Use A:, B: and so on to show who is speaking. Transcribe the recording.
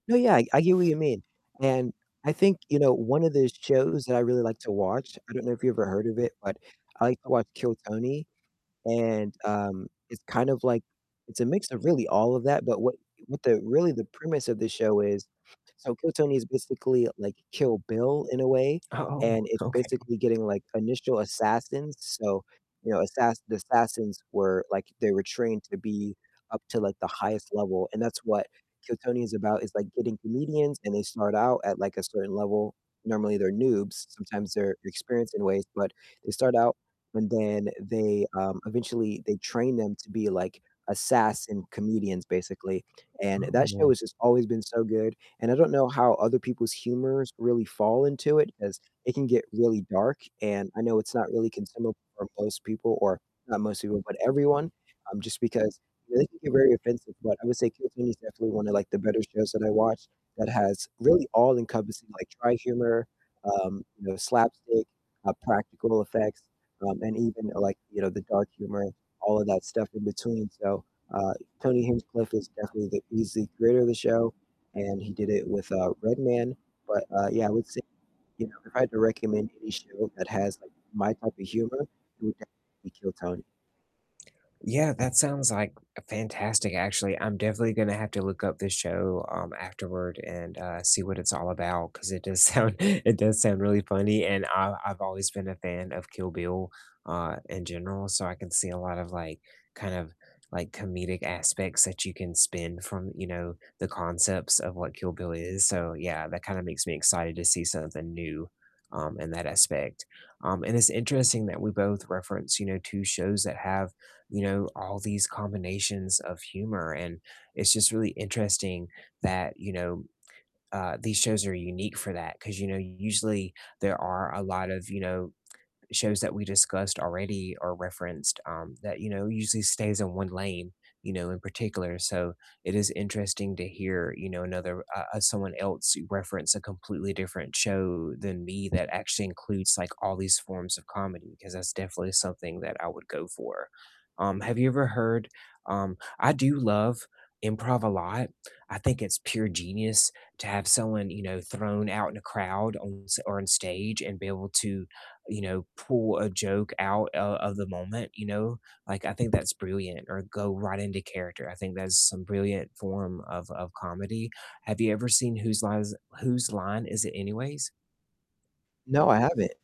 A: No, yeah, I I get what you mean. And I think, you know, one of those shows that I really like to watch, I don't know if you've ever heard of it, but I like to watch Kill Tony, and, um, it's kind of like it's a mix of really all of that, but what what the really the premise of the show is so Kill Tony is basically like Kill Bill in a way, and
B: Oh,
A: it's
B: okay.
A: basically getting, like, initial assassins, so, you know, assass the assassins were, like they were trained to be up to, like, the highest level, and that's what Kill Tony is about, is, like, getting comedians and they start out at, like, a certain level. Normally they're noobs, sometimes they're experienced in ways, but they start out and then they, um eventually they train them to be, like, assassin comedians basically. And
B: Oh,
A: that show
B: man.
A: has just always been so good, and I don't know how other people's humors really fall into it, 'cause it can get really dark, and I know it's not really consumable for most people, or not most people, but everyone, um, just because it can get very offensive. But I would say "Kill Tony" is definitely one of, like, the better shows that I watch that has really all-encompassing, like dry humor, um, you know, slapstick, uh, practical effects, um, and even like, you know, the dark humor, all of that stuff in between, so, uh, Tony Hinchcliffe is definitely the he's the creator of the show, and he did it with, uh, Redman. But, uh, yeah, I would say, you know, if I had to recommend any show that has, like, my type of humor, it would definitely be Kill Tony.
B: Yeah, that sounds, like, fantastic actually. I'm definitely gonna have to look up this show, um, afterward and, uh, see what it's all about 'cause it does sound it does sound really funny, and I I've always been a fan of Kill Bill, uh, in general, so I can see a lot of, like kind of, like, comedic aspects that you can spin from, you know, the concepts of what Kill Bill is, so, yeah, that kinda makes me excited to see something new, um, in that aspect. Um, and it's interesting that we both reference, you know, 2 shows that have, you know, all these combinations of humor, and it's just really interesting that, you know, uh, these shows are unique for that. 'Cause, you know, usually there are a lot of, you know, shows that we discussed already or referenced, um, that, you know, usually stays in one lane, you know, in particular, so it is interesting to hear, you know, another uh uh, someone else reference a completely different show than me that actually includes, like, all these forms of comedy, 'cause that's definitely something that I would go for. Um, have you ever heard Um, I do love improv a lot, I think it's pure genius to have someone, you know, thrown out in a crowd on s or on stage and be able to, you know, pull a joke out o of the moment, you know? Like I think that's brilliant. Or go right into character, I think that's some brilliant form of of comedy. Have you ever seen Whose Line Is It Whose Line Is It Anyways?
A: No, I haven't.